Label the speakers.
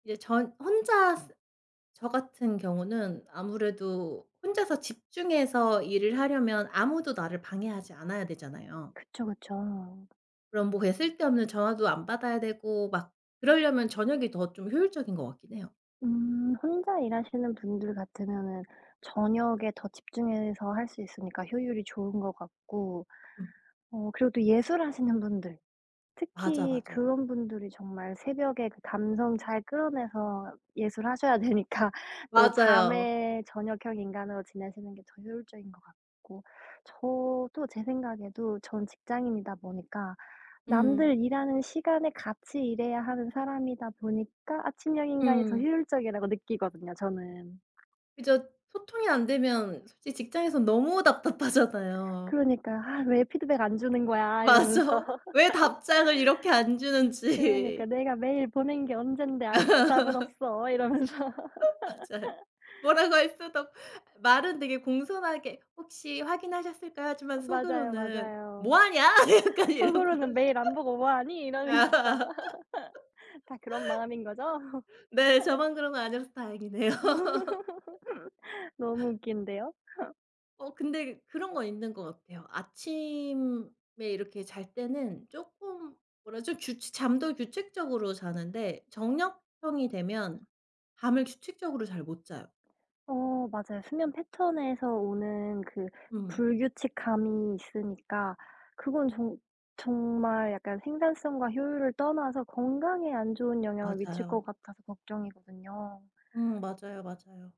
Speaker 1: 이제 저 혼자 저 같은 경우는 아무래도 혼자서 집중해서 일을 하려면 아무도 나를 방해하지 않아야 되잖아요.
Speaker 2: 그쵸, 그쵸.
Speaker 1: 그럼 뭐 그냥 쓸데없는 전화도 안 받아야 되고 막 그러려면 저녁이 더 좀 효율적인 것 같긴 해요.
Speaker 2: 음 혼자 일하시는 분들 같으면은 저녁에 더 집중해서 할 수 있으니까 효율이 좋은 것 같고
Speaker 1: 음.
Speaker 2: 어 그리고 또 예술하시는 분들
Speaker 1: 맞아,
Speaker 2: 특히
Speaker 1: 맞아.
Speaker 2: 그런 분들이 정말 새벽에 그 감성 잘 끌어내서 예술하셔야 되니까 또
Speaker 1: 맞아요.
Speaker 2: 밤에 저녁형 인간으로 지내시는 게 더 효율적인 것 같고 저도 제 생각에도 전 직장인이다 보니까
Speaker 1: 음.
Speaker 2: 남들 일하는 시간에 같이 일해야 하는 사람이다 보니까 아침형 인간이 더
Speaker 1: 음.
Speaker 2: 효율적이라고 느끼거든요 저는.
Speaker 1: 그죠. 소통이 안되면 솔직히 직장에선 너무 답답하잖아요.
Speaker 2: 그러니까 '아 왜 피드백을 안 주는 거야.' 이러면서.
Speaker 1: 맞아. 왜 답장을 이렇게 안
Speaker 2: 그러니까
Speaker 1: 주는지.
Speaker 2: '내가 메일 보낸 게 언젠데 아직도 답은 없어.' 이러면서.
Speaker 1: 어 맞아요. 뭐라고 할 수도 말은 되게 공손하게 "혹시 확인하셨을까요?" 하지만
Speaker 2: 어 맞아요,
Speaker 1: 속으로는 '뭐
Speaker 2: 맞아요.
Speaker 1: 하냐?' 약간 이런 거.
Speaker 2: 속으로는 '메일 안 보고 뭐 하니.' 이러는 거죠. 다 그런 마음인 거죠?
Speaker 1: 네. 저만 그런 거 아니라서 다행이네요.
Speaker 2: 너무 웃긴데요.
Speaker 1: 어 근데 그런 건 있는 것 같아요. 아침에 이렇게 잘 때는 쪼끔 뭐라 그러죠? 규칙 잠도 규칙적으로 자는데 저녁형이 되면 잠을 규칙적으로 잘 못 자요.
Speaker 2: 어 맞아요. 수면 패턴에서 오는 그
Speaker 1: 음.
Speaker 2: 불규칙함이 있으니까 그건 정 정말 약간 생산성과 효율을 떠나서 건강에 안 좋은 영향을 미칠 것
Speaker 1: 맞아요.
Speaker 2: 같아서 걱정이거든요.
Speaker 1: 음 맞아요, 맞아요.